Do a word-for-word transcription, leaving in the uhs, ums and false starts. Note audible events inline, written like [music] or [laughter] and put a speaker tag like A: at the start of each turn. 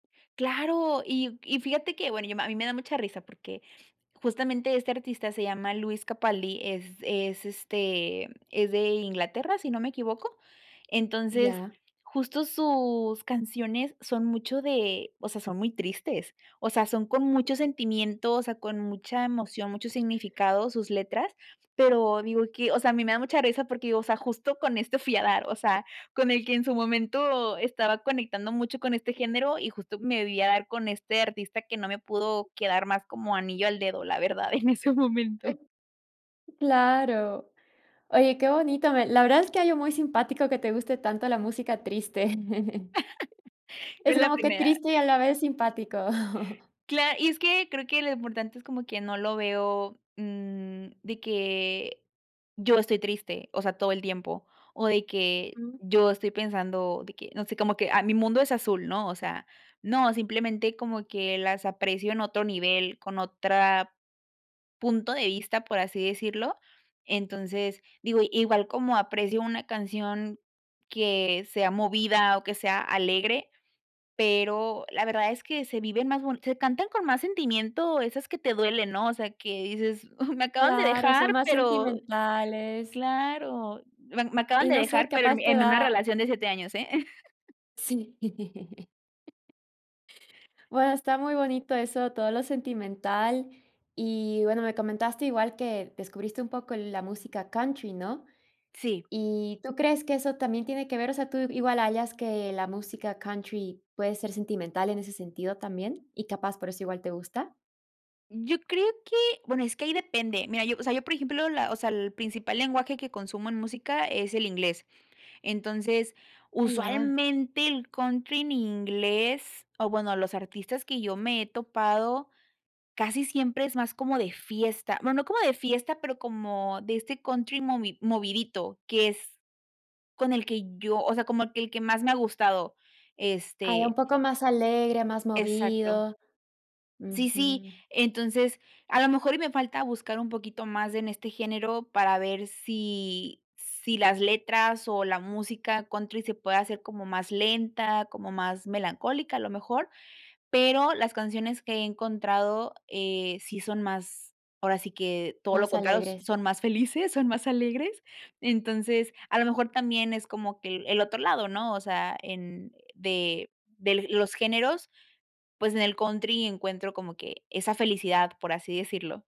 A: Claro, y y fíjate que, bueno, yo a mí me da mucha risa, porque justamente este artista se llama Luis Capalli, es es, este, es de Inglaterra, si no me equivoco. Entonces,
B: Ya.
A: justo sus canciones son mucho de, o sea, son muy tristes, o sea, son con mucho sentimiento, o sea, con mucha emoción, mucho significado sus letras, pero digo que o sea, a mí me da mucha risa porque, o sea, justo con esto fui a dar, o sea, con el que en su momento estaba conectando mucho con este género y justo me vi a dar con este artista que no me pudo quedar más como anillo al dedo, la verdad en ese momento.
B: Claro. Oye, qué bonito, me la verdad es que hay un muy simpático que te guste tanto la música triste. [chuckles]
A: [chuckles]
B: Es
A: En la
B: como que
A: primera.
B: triste y a la vez simpático. [chuckles]
A: Cla y es que creo que lo importante es como que no lo veo, mm, de que yo estoy triste, o sea, todo el tiempo, o de que
B: Mm.
A: yo estoy pensando de que, no sé, como que, ah, mi mundo es azul, ¿no? O sea, no, simplemente como que las aprecio en otro nivel, con otra punto de vista, por así decirlo. Entonces, digo, igual como aprecio una canción que sea movida o que sea alegre, pero la verdad es que se viven más se cantan con más sentimiento esas que te duelen, ¿no? O sea, que dices: ''Uh, me acaban de
B: Claro, son
A: dejar,
B: más
A: pero'',
B: sentimentales.
A: claro, me me acaban
B: Y
A: de
B: no sé,
A: dejar, pero
B: capaz te
A: en una
B: da
A: relación de siete años, ¿eh? [chuckles]
B: Sí. [chuckles] Bueno, está muy bonito eso, todo lo sentimental. Y, bueno, me comentaste igual que descubriste un poco la música country, ¿no?
A: Sí.
B: ¿Y tú crees que eso también tiene que ver? O sea, ¿tú igual hallas que la música country puede ser sentimental en ese sentido también, y capaz por eso igual te gusta?
A: Yo creo que bueno, es que ahí depende. Mira, yo, o sea, yo, por ejemplo, la o sea, el principal lenguaje que consumo en música es el inglés, Entonces,
B: Ah ya.
A: usualmente el country en inglés o bueno, los artistas que yo me he topado casi siempre es más como de fiesta, bueno, no como de fiesta, pero como de este country movi movidito, que es con el que yo, o sea, como que el que más me ha gustado,
B: Hay
A: este
B: un poco más alegre, más
A: Exacto.
B: movido,
A: Sí, sí,
B: ujú.
A: entonces, a lo mejor y me falta buscar un poquito más en este género para ver sí sí las letras o la música country se pueda hacer como más lenta, como más melancólica, lo mejor, pero las canciones que he encontrado, eh, sí son más ahora sí que todo lo
B: Más
A: contrario,
B: alegres.
A: son más felices, son más alegres, entonces a lo mejor también es como que el el otro lado, ¿no? O sea, en de de los géneros, pues en el country encuentro como que esa felicidad, por así decirlo.